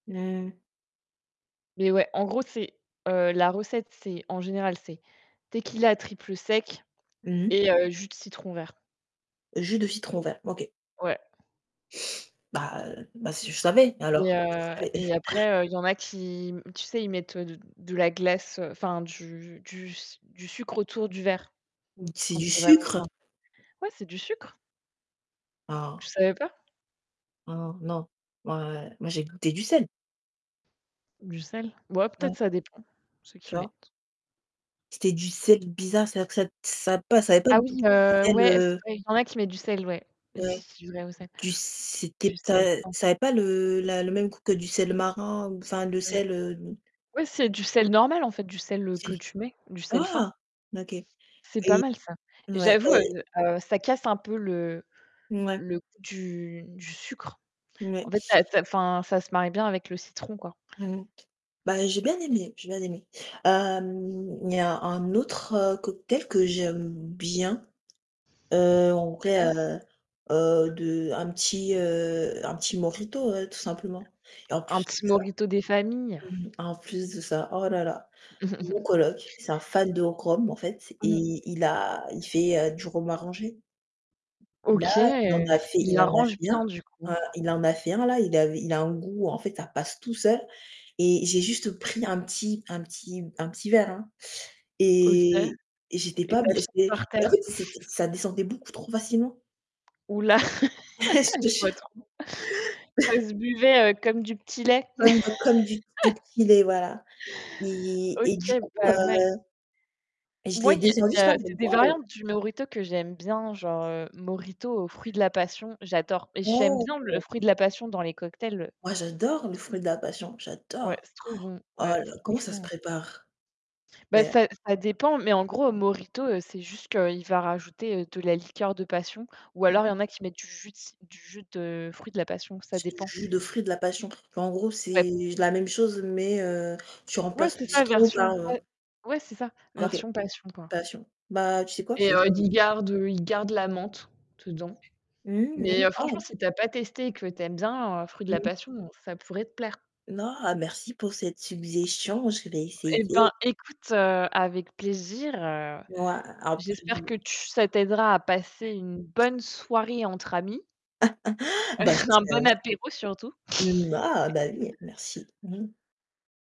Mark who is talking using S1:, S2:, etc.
S1: N heu
S2: Mais ouais, en gros, c'est heu, la recette, c'est en général, c'est tequila triple sec
S1: Mmh.
S2: et heu, jus de citron vert.
S1: Jus de citron vert, OK.
S2: Ouais.
S1: Bah heu, bah si je savais
S2: Et
S1: alors. Je
S2: heu
S1: savais.
S2: et après, heu, il y en a qui m tu sais, ils mettent, heu, d de la glace, heu, enfin du du s du sucre autour du verre.
S1: Mmh c'est
S2: Quand
S1: du
S2: c'est vraiment
S1: sucre?
S2: bien. Ouais, c'est du sucre. Tu
S1: Ah.
S2: savais pas?
S1: Heu non, moi moi j'ai goûté du sel.
S2: Du sel? Bo ah
S1: [unintelligible]
S2: peut-être ça dépend, ceux
S1: Tu
S2: qui
S1: vois?
S2: mettent.
S1: C'était du sel bizarre, c'est-à-dire que ça ça avait pas ça avait pas
S2: Ah
S1: le goût
S2: oui,
S1: du
S2: heu,
S1: sel,
S2: ouais, c'est
S1: heu
S2: vrai. Il y en a qui mettent du sel, ouais.
S1: Ouais.
S2: J'y [unintelligible]
S1: Du c'était
S2: du
S1: p
S2: sel
S1: ta
S2: fin.
S1: ça avait pas le la le même goût que du sel marin ou enfin le
S2: Mmh.
S1: sel, heu
S2: Ouais, c'est du sel normal en fait, du sel, heu,
S1: C'est
S2: que
S1: du
S2: tu mets, du sel fin.
S1: ah, OK.
S2: C'est pas
S1: Et
S2: mal ça.
S1: mouais bah
S2: J'avoue, heu, heu, ça casse un peu le
S1: Mouais.
S2: le goût du du sucre. En
S1: Mouais.
S2: fait, ça ça enfin, ça se marie bien avec le citron, quoi.
S1: Mmh mh. Bah j'ai bien aimé, j'ai bien aimé. Hem, il y a un autre cocktail que j'aime bien, heu, en vrai,
S2: Ouais.
S1: heu, heu, de un petit, heu, un petit mojito, heu, tout simplement. Et en
S2: Un
S1: plus de
S2: petit
S1: ça
S2: mojito des familles.
S1: mmh mh, en plus de ça, oh là là, mon coloc, c'est un fan de rhum en fait
S2: Mmh.
S1: et il a il fait, heu, du rhum arrangé. Là
S2: OK,
S1: il en a fait
S2: il
S1: il en a
S2: l'arrange
S1: fait un,
S2: bien du coup.
S1: heu, il en a fait un là, il avait il a un goût en fait ça passe tout seul et j'ai juste pris un petit un petit un petit verre, hein
S2: OK
S1: et
S2: et
S1: et j'étais pas
S2: tu
S1: b
S2: as fini
S1: j'étais
S2: par
S1: en
S2: terre?
S1: fait c'était ça descendait beaucoup trop facilement.
S2: Ouh là.
S1: Tu vois? Je te
S2: Je vois
S1: jure.
S2: trop. Ça se buvait, heu, comme du petit lait.
S1: Comme bah comme du de petit lait voilà. Et et du
S2: OK,
S1: coup, heu,
S2: pas mal.
S1: je
S2: Moi,
S1: l'ai
S2: il y a il
S1: descendu,
S2: y
S1: j'étais là:
S2: a
S1: «Mais
S2: c'est des
S1: waouh!»
S2: variantes du mojito que j'aime bien, genre, heu, mojito au fruit de la passion, j'adore. J'aime bien le
S1: [unintelligible]
S2: fruit de la passion dans les cocktails.
S1: Moi j'adore les fruits de la passion,
S2: Ouais,
S1: j'adore.
S2: c'est trop bon,
S1: Oh
S2: ouais,
S1: là, comment ça se
S2: franchement.
S1: prépare?
S2: Bah,
S1: D'ailleurs.
S2: ça ça dépend, mais en gros, mojito, c'est juste qu'il va rajouter de la liqueur de passion ou
S1: Mmh
S2: alors, il y
S1: mh.
S2: en a qui mettent du jus de ci du jus de fruit de la passion, ça
S1: C'est du
S2: dépend.
S1: jus de fruit de la passion. Mais en gros,
S2: Ouais.
S1: c'est la même chose mais heu, tu
S2: Ouais,
S1: remplaces
S2: c'est
S1: le
S2: ça,
S1: citron par,
S2: version
S1: heu
S2: pa ouais c'est ça,
S1: OK,
S2: version passion, quoi.
S1: passion. Bah, tu sais quoi? Je
S2: Et
S1: vais
S2: heu d
S1: essayer
S2: il
S1: ça.
S2: garde, heu, il garde la menthe dedans.
S1: Mmh mh.
S2: Mais
S1: Mmh
S2: heu, franchement,
S1: ah
S2: si tu as pas testé et que tu aimes bien, fruit de la
S1: Mmh.
S2: passion, ça pourrait te plaire.
S1: Non, merci pour cette suggestion, je vais
S2: Eh
S1: essayer.
S2: ben, écoute, heu, avec plaisir, heu, j'espère que
S1: [unintelligible]
S2: tu ça t'aidera à passer une bonne soirée entre amis.
S1: Bah
S2: Un
S1: j'espère
S2: bon
S1: aussi.
S2: apéro surtout.
S1: Mmh, ah bah oui, merci. Mmh.